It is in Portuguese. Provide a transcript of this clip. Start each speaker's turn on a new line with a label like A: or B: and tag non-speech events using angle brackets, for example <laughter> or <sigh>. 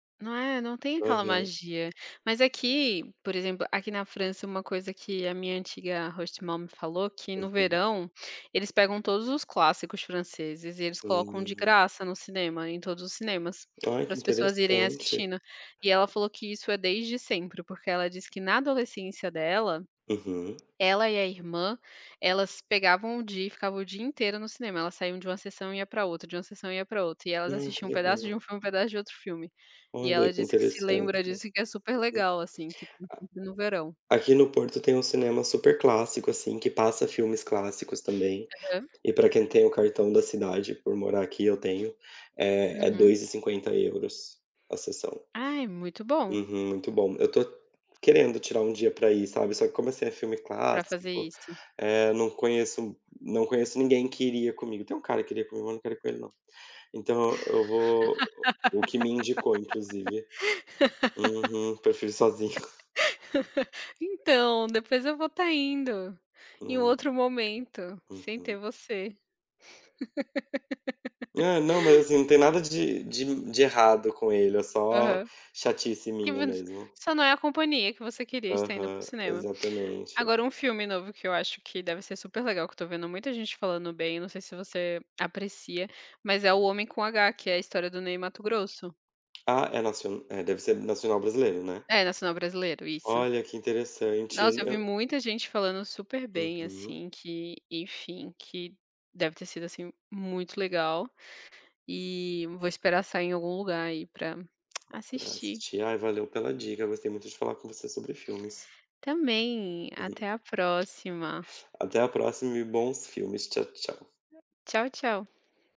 A: Não é, não tem aquela
B: Aham.
A: magia. Mas aqui, por exemplo, aqui na França, uma coisa que a minha antiga hostmom falou que no
B: Aham.
A: verão, eles pegam todos os clássicos franceses e eles colocam de
B: Hã.
A: graça no cinema, em todos os cinemas,
B: Olha que
A: pras pessoas irem
B: interessante.
A: assistindo. E ela falou que isso é desde sempre porque ela disse que na adolescência dela,
B: Aham.
A: ela e a irmã, elas pegavam o dia e ficavam o dia inteiro no cinema, elas saíam de uma sessão e ia pra outra, de uma sessão e ia pra outra e elas
B: Ah, que
A: assistiam um pedaço de
B: legal.
A: um filme um pedaço de outro filme. E ela
B: Olha que
A: disse que se
B: interessante.
A: lembra disso e que é super
B: <unintelligible>
A: legal assim que <unintelligible> no verão.
B: A aqui no Porto tem um cinema super clássico assim que passa filmes clássicos também.
A: Aham.
B: E pra quem tem o cartão da cidade, por morar aqui, eu tenho, é é
A: Uhum.
B: 2,50 euros a sessão.
A: Ah, é muito bom.
B: Uhum, muito bom. Eu estou querendo tirar um dia pra ir, sabe? Só que como esse é filme
A: Pra fazer
B: clássico,
A: isso.
B: eh, eu não conheço não conheço ninguém que iria comigo, tem um cara que iria comigo, mas não quero ir com ele não. Então eu vou o que me indicou inclusive. Uhum, prefiro sozinho. <chuckles>
A: <laughs> Então, depois eu vou estar indo, em um
B: Hum.
A: outro momento, sem
B: Uhum.
A: ter você.
B: É não mas,
A: <laughs>
B: assim não tem nada de de de errado com ele, é só
A: Aham.
B: chatice minha
A: <unintelligible>
B: mesmo.
A: Só não é a companhia que você queria estar indo pro
B: Aham,
A: cinema.
B: exatamente.
A: Agora um filme novo que eu acho que deve ser super legal que eu estou vendo muita gente falando bem, não sei se você aprecia, mas é "O homem com H" que é a história do Ney Matogrosso.
B: Ah é nacio é deve ser nacional brasileiro, né.
A: É nacional brasileiro isso.
B: Olha que interessante en
A: Nossa eu vi
B: eu
A: muita gente falando super bem
B: Uhum.
A: assim que, enfim, que deve ter sido assim muito legal. E vou esperar sair em algum lugar aí pra
B: Ah
A: assistir.
B: assisti, ai valeu pela dica, gostei muito de falar com você sobre filmes.
A: Também,
B: Uhum.
A: até a próxima.
B: Até a próxima e bons filmes, tchau tchau.
A: Tchau tchau.